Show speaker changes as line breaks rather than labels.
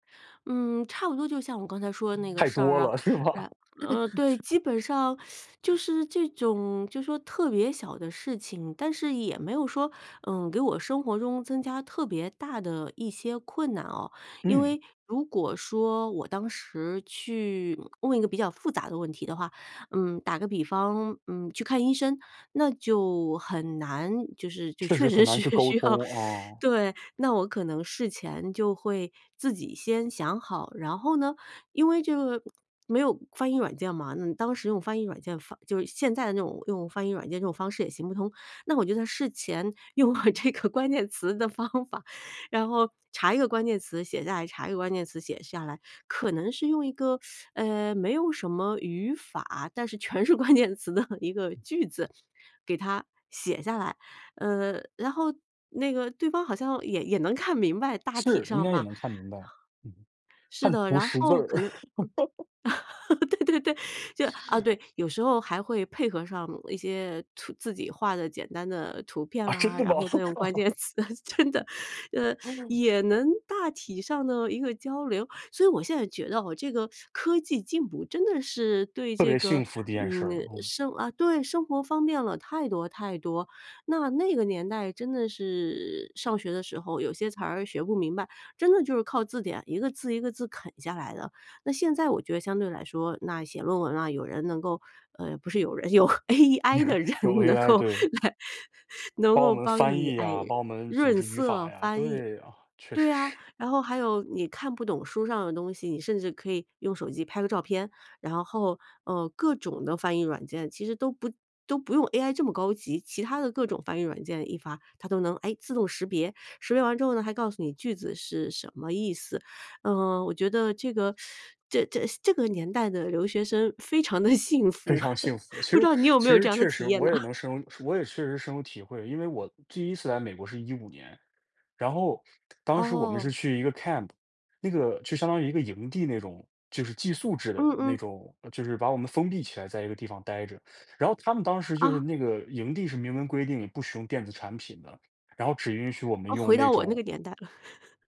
嗯，差不多，就像我刚才说的那个
太
事儿
多
啊，
了，是吧？
然嗯，对，基本上 就是这种就说特别小的事情，但是也没有说，嗯，给我生活中增加特别大的一些困难哦。因
嗯。
为如果说，我当时去问一个比较复杂的问题的话，嗯，打个比方，嗯，去看医生，那就很难，就是就
确
确
实很
实
难去
是
沟
需要
通，哦。
对。那我可能事前就会自己先想好，然后呢，因为这个没有翻译软件嘛，你当时用翻译软件翻就是现在的这种用翻译软件这种方式也行不通。那我觉得在事前用了这个关键词的方法。然后查一个关键词写下来，查一个关键词写下来。可能是用一个，呃，没有什么语法，但是全是关键词的一个句子给他写下来。嗯，然后那个对方好像也也能看明白，大体
是，应
上
该也
吧。
能看明白。嗯。
是
看
的，
图
然
识字
后
儿。
可能嗯。对对对，就啊对，有时候还会配合上一些图自己画的简单的图片
啊，真
啦，
的
然
吗？
后再用关 键词，真的呃，也能大体上呢，一个交流。所以我现在觉得哦，这个 科技进步真的是对
特
这
别幸
个，
福的一件事
嗯，
儿，嗯。
生啊对，生活方便了太多，太多。那那个年代真的是上学的时候，有些词儿学不明白，真的就是靠字典一个字，一个字啃下来的。那现在我觉得相对来说，那写论文啊，有人能够呃，不是有人有 AI 的人
有
能
AI，
够
对。
来，能
帮我
够
们
帮
翻
你，
译
哎，
呀，帮我们组
润
织语法
色
呀，
翻译。
对啊。确
对
实
呀，
是。
然后还有你看不懂书上的东西，你甚至可以用手机拍个照片，然后，呃，各种的翻译软件其实都不都不用 AI 这么高级，其他的各种翻译软件一发，它都能，哎，自动识别，识别完之后呢，还告诉你句子是什么意思。嗯，我觉得这个 这这这个年代的留学生非常的幸
非
福，
常幸福。其
不知
实
道你有
其
没有
实
这样的
确实，
体验
我
呐？
也 能深入我也确实深有体会。因为我第1次来美国是15年，然后当时我们
哦。
是去一个 camp。那个就相当于一个营地那种。就是寄宿制的
嗯
那
嗯。
种就是把我们封闭起来在一个地方呆着。然后他们当时就是
啊。
那个营地是明文规定不使用电子产品的，然后只允许我们
啊，
用
回
那
到我那
种
个年代了。